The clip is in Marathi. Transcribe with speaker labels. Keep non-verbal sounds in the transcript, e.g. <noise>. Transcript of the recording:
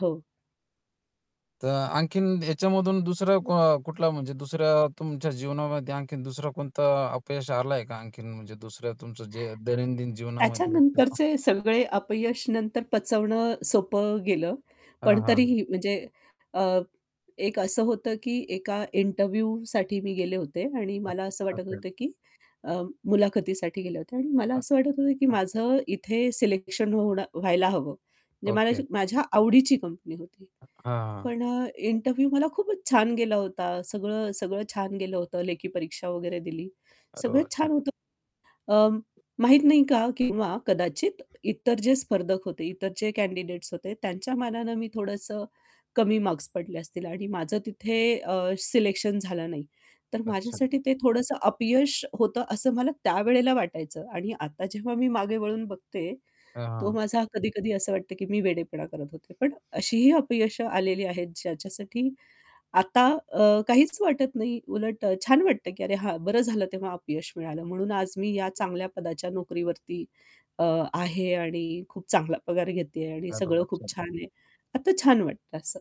Speaker 1: हो.
Speaker 2: तर आणखीन याच्यामधून दुसरा अ, कुठला म्हणजे दुसऱ्या तुमच्या जीवनामध्ये आणखीन दुसरा कोणता अपयश आलं आहे का आणखीन म्हणजे दुसऱ्या तुमचं जे दैनंदिन जीवनामध्ये किंवा
Speaker 1: त्याच्यानंतरचे सगळे अपयश नंतर पचवणं सोपं गेलं,
Speaker 2: हां,
Speaker 1: पण
Speaker 2: हां.
Speaker 1: तरीही म्हणजे अ, एक असं होतं की एका इंटरव्ह्यूसाठी मी गेले होते आणि
Speaker 2: <unintelligible>
Speaker 1: मला असं वाटत
Speaker 2: असेल.
Speaker 1: होतं की अ, मुलाखतीसाठी गेले होते. आणि मला
Speaker 2: अ
Speaker 1: असं वाटत होतं की
Speaker 2: अ.
Speaker 1: माझं इथे सिलेक्शन होणं व्हायला हवं. म्हणजे मला
Speaker 2: ओके.
Speaker 1: असं माझ्या आवडीची कंपनी होती.
Speaker 2: अ हां.
Speaker 1: पण अ, इंटरव्ह्यू मला खूपच छान गेला होता. सगळं, सगळं छान गेलं होतं. लेखी परीक्षा वगैरे दिली.
Speaker 2: अरे
Speaker 1: सगळं
Speaker 2: वाह, छान.
Speaker 1: छान होतं अं, माहीत नाही का? किंवा कदाचित इतर जे स्पर्धक होते, इतर जे कँडिडेट्स होते, त्यांच्या मानानं मी थोडंसं कमी मार्क्स पडले असतील आणि माझं तिथे अ, सिलेक्शन झालं नाही. तर
Speaker 2: अच्छा.
Speaker 1: माझ्यासाठी ते थोडंसं अपयश होतं, असं मला त्यावेळेला वाटायचं. आणि आता जेव्हा मी मागे वळून बघते,
Speaker 2: <unintelligible>
Speaker 1: तो
Speaker 2: हां.
Speaker 1: माझा कधी-कधी असं वाटते की मी वेडेपणा करत होते. पण अशीही अपयश आलेली आहेत ज्याच्यासाठी आता अ, काहीच वाटत नाही. उलट अ, छान वाटतं, की अरे, हां, बरं झालं तेव्हा अपयश मिळालं म्हणून आज मी या चांगल्या पदाच्या नोकरीवरती अ, आहे आणि खूप चांगला पगार घेते आहे आणि
Speaker 2: अरे वाह,
Speaker 1: सगळं खूप
Speaker 2: छान.
Speaker 1: छान आहे. आता छान वाटतं असं.